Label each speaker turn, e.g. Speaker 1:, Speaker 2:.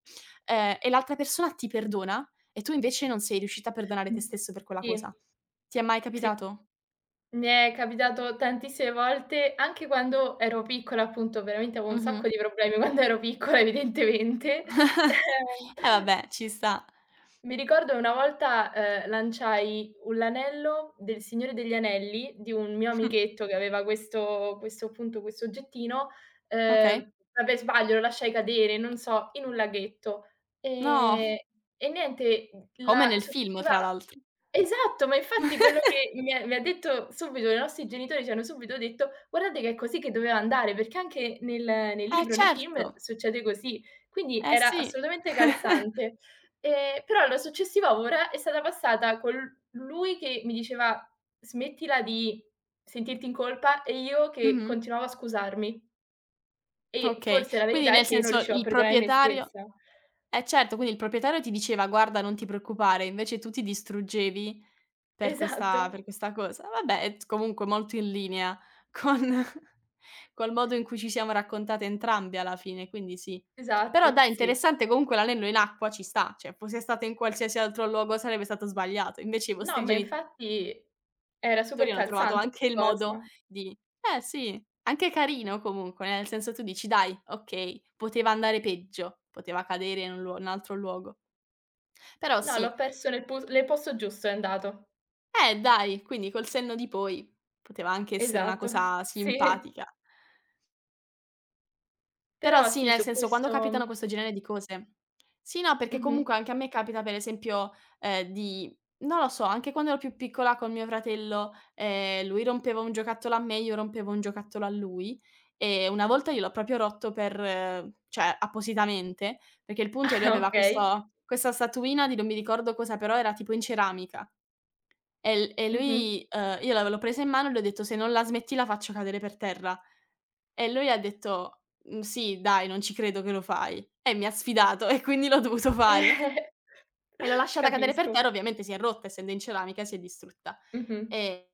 Speaker 1: Ehm, e l'altra persona ti perdona e tu invece non sei riuscita a perdonare te
Speaker 2: Mh,
Speaker 1: stesso per quella
Speaker 2: sì.
Speaker 1: cosa. Ti è mai
Speaker 2: Sì.
Speaker 1: capitato?
Speaker 2: Mi è capitato tantissime volte, anche quando ero piccola appunto, veramente avevo un sacco
Speaker 1: Mh-mh.
Speaker 2: di problemi quando ero piccola evidentemente. Eh.
Speaker 1: E vabbè, ci sta.
Speaker 2: Mi ricordo una volta, ehm, lanciai u l'anello del Signore degli Anelli di un mio amichetto che aveva questo questo appunto questo oggettino,
Speaker 1: Okay.
Speaker 2: ehm, vabbè sbaglio, lo lasciai cadere, non so, in un laghetto.
Speaker 1: No.
Speaker 2: Ehm, e niente, mhmm,
Speaker 1: Come
Speaker 2: la
Speaker 1: nel film,
Speaker 2: successiva
Speaker 1: tra l'altr
Speaker 2: esatto, ma infatti quello che mi ha mi ha detto subito i nostri genitori ci hanno subito detto: "Guardate che è così che doveva andare, perché anche nel nel
Speaker 1: Eh,
Speaker 2: libro, nei film
Speaker 1: certo.
Speaker 2: succede così". Quindi
Speaker 1: Eh,
Speaker 2: era
Speaker 1: sì.
Speaker 2: assolutamente calzante. Ehm, però la successiva ora è stata passata con l lui che mi diceva: "Smettila di sentirti in colpa", e io che
Speaker 1: Mh-mh.
Speaker 2: continuavo a scusarmi. E
Speaker 1: Okay,
Speaker 2: forse la
Speaker 1: quindi
Speaker 2: verità è
Speaker 1: nel
Speaker 2: che io non
Speaker 1: senso
Speaker 2: riuscivo a
Speaker 1: il
Speaker 2: perdonare me
Speaker 1: proprietario
Speaker 2: stessa.
Speaker 1: eh certo, quindi il proprietario ti diceva: "Guarda, non ti preoccupare", invece tu ti distruggevi per questa
Speaker 2: Esatto.
Speaker 1: per questa cosa. Vabbè, è t comunque molto in linea con col modo in cui ci siamo raccontate entrambe alla fine, quindi sì. Però
Speaker 2: Esatto,
Speaker 1: dai,
Speaker 2: sì.
Speaker 1: interessante comunque l'anello in acqua ci sta, cioè fosse stato in qualsiasi altro luogo sarebbe stato sbagliato. Invece i
Speaker 2: No,
Speaker 1: vostri
Speaker 2: ma
Speaker 1: geni
Speaker 2: infatti era super
Speaker 1: tori hanno trovato
Speaker 2: calzante
Speaker 1: anche il
Speaker 2: la
Speaker 1: modo
Speaker 2: cosa.
Speaker 1: di eh sì, anche carino comunque, nel senso tu dici: "Dai, okay, poteva andare peggio poteva cadere in un luo in altro luogo". Però
Speaker 2: No, l'ho
Speaker 1: sì.
Speaker 2: perso nel pu nel posto giusto è andato.
Speaker 1: Eh dai, quindi col senno di poi poteva anche essere una
Speaker 2: Esatto,
Speaker 1: cosa
Speaker 2: sì.
Speaker 1: simpatica. Però
Speaker 2: Però
Speaker 1: sì,
Speaker 2: sì,
Speaker 1: nel
Speaker 2: su
Speaker 1: senso quando capitano
Speaker 2: questo
Speaker 1: questo genere di cose sì, no, perché
Speaker 2: Mh-mh.
Speaker 1: comunque anche a me capita per esempio, ehm, di non lo so, anche quando ero più piccola col mio fratello, ehm, lui rompeva un giocattolo a me, io rompevo un giocattolo a lui, e una volta gliel'ho proprio rotto per cioè appositamente, perché il punto è lui
Speaker 2: Ah
Speaker 1: aveva
Speaker 2: okay.
Speaker 1: questa questa statuina di non mi ricordo cosa, però era tipo in ceramica. E l e
Speaker 2: Mh-mh.
Speaker 1: lui ehm, io la v io l'ho presa in mano e l'ho detto: "Se non la smetti la faccio cadere per terra". E lui ha detto: "Mh sì, dai, non ci credo che lo fai". E mi ha sfidato e quindi l'ho dovuto fare. E l'ho lasciata cadere per
Speaker 2: Capisco.
Speaker 1: terra, ovviamente si è rotta, essendo in ceramica si è distrutta.
Speaker 2: Mh-mh.
Speaker 1: E